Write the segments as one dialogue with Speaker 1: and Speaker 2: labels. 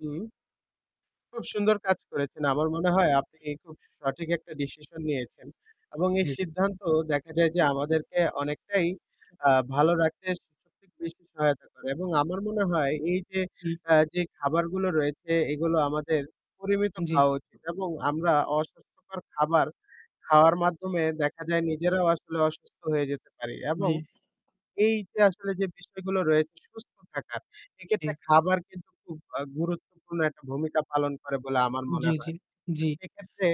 Speaker 1: হুম। খুব সুন্দর কাজ করেছেন। আমার মনে হয় আপনি খুব সঠিক একটা decision নিয়েছেন এবং এই
Speaker 2: জি, জি।
Speaker 1: সিদ্ধান্ত দেখা যায় যে
Speaker 2: উ
Speaker 1: আমাদেরকে অনেকটাই আ ভালো রাখতে [unintelligible] বেশ সহায়তা করে এবং আমার মনে হয় এই যে
Speaker 2: উ জি।
Speaker 1: আ যে খাবারগুলো রয়েছে এগুলো আমাদের পরিমিত
Speaker 2: জি।
Speaker 1: খাওয়া উচিত এবং আমরা অস্বাস্থ্যকর খাবার খাওয়ার মাধ্যমে দেখা যায় নিজেরাও আসলে অসুস্থ হয়ে যেতে পারি এবং
Speaker 2: জি।
Speaker 1: এই যে আসলে যে বিষয়গুলো রয়েছে সুস্থ থাকার, এক্ষেত্রে
Speaker 2: জি।
Speaker 1: খাবার কিন্তু খুব আ গুরুত্বপূর্ণ একটা ভূমিকা পালন করে বলে আমার
Speaker 2: জি,
Speaker 1: মনে
Speaker 2: জি,
Speaker 1: হয়। তো
Speaker 2: জি।
Speaker 1: সেক্ষেত্রে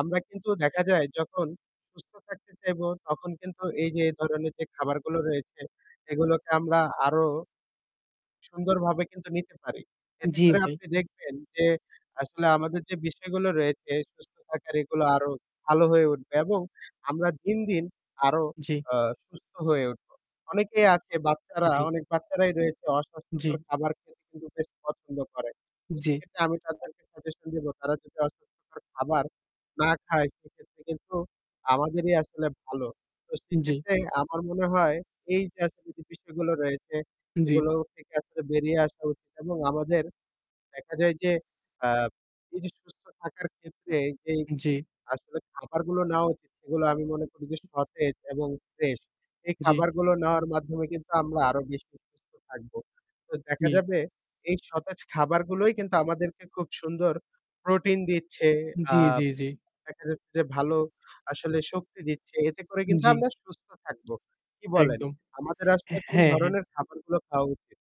Speaker 1: আমরা কিন্তু দেখা যায় যখন সুস্থ থাকতে চাইব তখন কিন্তু এই যে এই ধরনের যে খাবারগুলো রয়েছে এগুলোকে আমরা আরও সুন্দরভাবে কিন্তু নিতে পারি। এতে
Speaker 2: জি,
Speaker 1: করে
Speaker 2: ভাই।
Speaker 1: আপনি দেখবেন যে আসলে আমাদের যে বিষয়গুলো রয়েছে সুস্থ থাকার এগুলো আরও ভালো হয়ে উঠবে এবং আমরা দিন, দিন আরও
Speaker 2: জি।
Speaker 1: আ সুস্থ হয়ে উঠব। অনেকেই আছে বাচ্চারা,
Speaker 2: জি।
Speaker 1: অনেক বাচ্চারাই রয়েছে অস্বাস্থ্যকর
Speaker 2: জি।
Speaker 1: খাবার খেতে কিন্তু বেশি পছন্দ করে।
Speaker 2: জি।
Speaker 1: সেক্ষেত্রে আমি তাদেরকে suggestion দিব তারা যদি অস্বাস্থ্যকর খাবার না খায় সেক্ষেত্রে কিন্তু আমাদেরই আসলে ভালো। তো
Speaker 2: জি।
Speaker 1: সেক্ষেত্রে আমার মনে হয় এই যে আসলে যে বিষয়গুলো রয়েছে
Speaker 2: জি।
Speaker 1: এগুলো থেকে আসলে বেরিয়ে আসা উচিত এবং আমাদের দেখা যায় যে আ এই যে সুস্থ থাকার ক্ষেত্রে যেই
Speaker 2: জি।
Speaker 1: আসলে খাবারগুলো নেওয়া উচিত, সেগুলো আমি মনে করি যে সতেজ এবং fresh এই
Speaker 2: জি।
Speaker 1: খাবারগুলো নেওয়ার মাধ্যমে কিন্তু আমরা আরও বেশি সুস্থ থাকব। তো দেখা
Speaker 2: জি।
Speaker 1: যাবে এই সতেজ খাবারগুলোই কিন্তু আমাদেরকে খুব সুন্দর protein দিচ্ছে। আ
Speaker 2: জি, জি, জি।
Speaker 1: দেখা যাচ্ছে যে ভালো আসলে শক্তি দিচ্ছে। এতে করে
Speaker 2: উ
Speaker 1: কিন্তু
Speaker 2: জি।
Speaker 1: আমরা সুস্থ থাকব। কি বলেন?
Speaker 2: একদম।
Speaker 1: আমাদের আসলে কোন
Speaker 2: হ্যাঁ, হ্যাঁ।
Speaker 1: ধরনের খাবারগুলো খাওয়া উচিত?